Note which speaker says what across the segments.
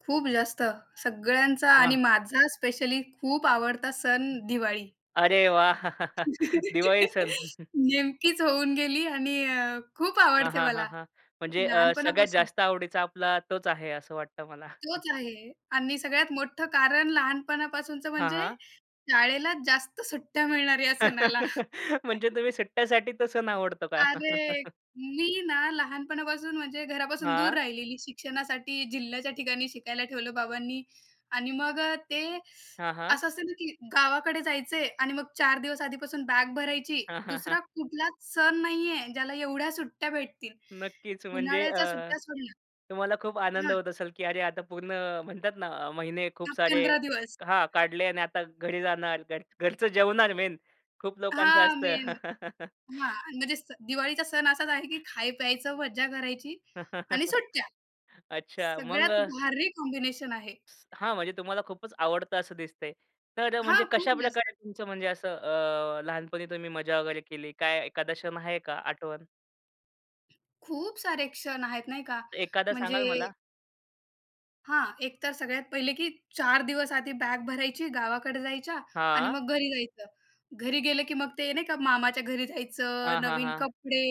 Speaker 1: खूप जास्त, सगळ्यांचा आणि
Speaker 2: हां.
Speaker 1: माझा स्पेशली खूप आवडता सण, दिवाळी.
Speaker 2: अरे वाह! दिवाळी सण.
Speaker 1: नेमकीच होऊन गेली आणि अ, खूप
Speaker 2: हां,
Speaker 1: आवडते
Speaker 2: हां, हां,
Speaker 1: मला,
Speaker 2: हां, म्हणजे अ, सगळ्यात
Speaker 1: लहानपणापासून.
Speaker 2: जास्त आवडीचा आपला तोच आहे, असं वाटतं मला.
Speaker 1: तोच आहे आणि सगळ्यात मोठं कारण लहानपणापासूनचं,
Speaker 2: हां,
Speaker 1: म्हणजे
Speaker 2: हां.
Speaker 1: शाळेला जास्त सुट्ट्या मिळणार या सणाला.
Speaker 2: म्हणजे तुम्ही सुट्ट्यासाठी तो सण आवडतो का
Speaker 1: अरे! मी ना लहानपणापासून, म्हणजे घरापासून दूर
Speaker 2: हां.
Speaker 1: राहिलेली शिक्षणासाठी, जिल्ह्याच्या ठिकाणी शिकायला ठेवलं बाबांनी आणि मग ते
Speaker 2: हां, हां.
Speaker 1: असं असतं ना, की गावाकडे जायचं आहे आणि मग 4 दिवस आधीपासून बॅग भरायची. 2रा कुठलाच सण नाही आहे, ज्याला एवढ्या सुट्ट्या भेटतील,
Speaker 2: नक्कीच, म्हणजे अ,
Speaker 1: उन्हाळ्याच्या सुट्ट्या सोडल्या
Speaker 2: तुम्हाला खूप आनंद
Speaker 1: हा.
Speaker 2: होत असेल की अरे आता पूर्ण म्हणतात ना, महिने खूप
Speaker 1: दहा
Speaker 2: सारे
Speaker 1: पंधरा दिवस.
Speaker 2: हा काढले आणि आता घरी जाणार. घर घरचं जेवणार मेन खूप लोकांचं
Speaker 1: हां,
Speaker 2: असतं.
Speaker 1: मेन हां, म्हणजे स दिवाळीचा सण असाच आहे, की खाय-प्यायचं, मज्जा करायची आणि सुट्ट्या.
Speaker 2: अच्छा,
Speaker 1: सगळ्यात
Speaker 2: मग?
Speaker 1: भारी कॉम्बिनेशन आहे.
Speaker 2: हां, म्हणजे तुम्हाला खूपच आवडतं असं दिसतं आहे. तर म्हणजे
Speaker 1: हां. खूप
Speaker 2: कशाप्रकारे
Speaker 1: जास्त.
Speaker 2: तुमचं म्हणजे असं अ, लहानपणी तुम्ही मजा वगैरे केली? काय एखादा क्षण आहे का, आठवण?
Speaker 1: खूप सारे क्षण आहेत, नाही का?
Speaker 2: एखादा सांगाल
Speaker 1: म्हणजे
Speaker 2: मला?
Speaker 1: हां, एक तर सगळ्यात पहिले की 4 दिवस आधी बॅग भरायची गावाकडे जायच्या आणि
Speaker 2: हां.
Speaker 1: मग घरी जायचं. घरी गेलं की मग ते नाही का, मामाच्या घरी जायचं.
Speaker 2: हां, हां,
Speaker 1: नवीन
Speaker 2: हां.
Speaker 1: कपडे,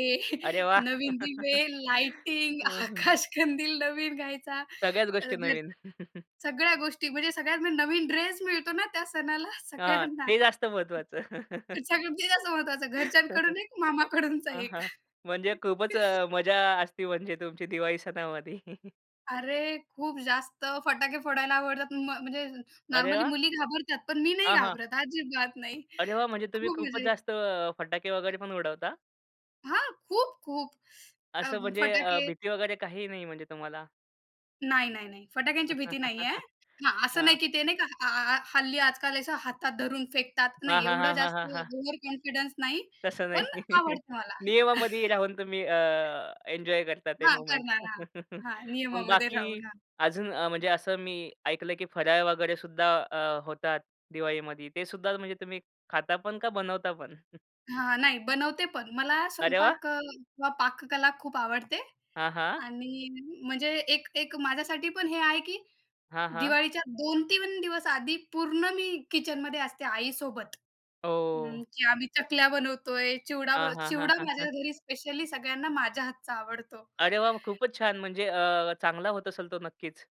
Speaker 2: अरे वाह!
Speaker 1: नवीन दिवे, लाइटिंग.
Speaker 2: अ, हं.
Speaker 1: आकाश कंदील नवीन घ्यायचा
Speaker 2: सगळ्याच गोष्टी नवीन.
Speaker 1: [unintelligible] सगळ्या गोष्टी. म्हणजे सगळ्यात म्हणजे नवीन ड्रेस मिळतो ना त्या सणाला
Speaker 2: हां,
Speaker 1: सगळ्यांना.
Speaker 2: ते जास्त महत्वाचं.
Speaker 1: सगळ्यात ते जास्त महत्वाचं घरच्यांकडून एक मामाकडूनचा
Speaker 2: हां,
Speaker 1: एक.
Speaker 2: हां, म्हणजे खूपच अ, मजा असते, म्हणजे तुमची दिवाळी सणामध्ये.
Speaker 1: अरे! खूप जास्त फटाके फोडायला आवडतात. म म्हणजे
Speaker 2: अरे
Speaker 1: नॉर्मली
Speaker 2: वाह!
Speaker 1: मुली घाबरतात, पण मी नाही
Speaker 2: हां, हां.
Speaker 1: घाबरत, अजिबात नाही.
Speaker 2: अरे वा! म्हणजे तुम्ही
Speaker 1: खूप
Speaker 2: खूपच
Speaker 1: मजा येते.
Speaker 2: जास्त अ, फटाके वगैरे पण उडवता?
Speaker 1: हां, खूप-खूप अ,
Speaker 2: असं म्हणजे अ,
Speaker 1: फटाके
Speaker 2: भीती वगैरे काही नाही, म्हणजे तुम्हाला?
Speaker 1: नाही, नाही, नाही, फटाक्यांची भीती नाही आहे. हां, असं नाही
Speaker 2: हां.
Speaker 1: की ते नाही अ, अ, हल्ली आज-काल अशा हातात धरून फेकतात.
Speaker 2: हां,
Speaker 1: नाही,
Speaker 2: हां,
Speaker 1: एवढं
Speaker 2: हां, हां,
Speaker 1: जास्त
Speaker 2: हां, हां.
Speaker 1: ओव्हर कॉन्फिडन्स नाही,
Speaker 2: तसं
Speaker 1: पण
Speaker 2: नाही.
Speaker 1: आवडतं मला.
Speaker 2: नियमामध्ये राहून तुम्ही अ, एन्जॉय करता ते
Speaker 1: हां,
Speaker 2: मूव्हमेंट.
Speaker 1: करणार. हां, हां.
Speaker 2: मग
Speaker 1: नियमामध्ये
Speaker 2: बाकी
Speaker 1: राहून, हां.
Speaker 2: अजून अ, म्हणजे असं मी ऐकलं की फराळ वगैरे सुद्धा अ, होतात दिवाळीमध्ये. ते सुद्धा म्हणजे तुम्ही खाता पण का, बनवता पण?
Speaker 1: हां, नाही, बनवते पण, मला
Speaker 2: अरे वाह!
Speaker 1: स्वयंपाक अ, किंवा पाककला खूप आवडते
Speaker 2: हां, हां.
Speaker 1: आणि म्हणजे एक एक माझ्यासाठी पण हे आहे की
Speaker 2: हां, हां.
Speaker 1: दिवाळीच्या 2-3 दिवस आधी पूर्ण मी किचनमध्ये असते आईसोबत. अ,
Speaker 2: ओह!
Speaker 1: की आम्ही चकल्या बनवतो आहे, चिवडा
Speaker 2: हां,
Speaker 1: बनव
Speaker 2: हां, हां,
Speaker 1: चिवडा
Speaker 2: हां,
Speaker 1: माझ्या
Speaker 2: हां.
Speaker 1: घरी स्पेशली सगळ्यांना माझ्या हातचा आवडतो.
Speaker 2: अरे वाह! मग खूपच छान, म्हणजे अ, चांगला होत असेल तो, नक्कीच.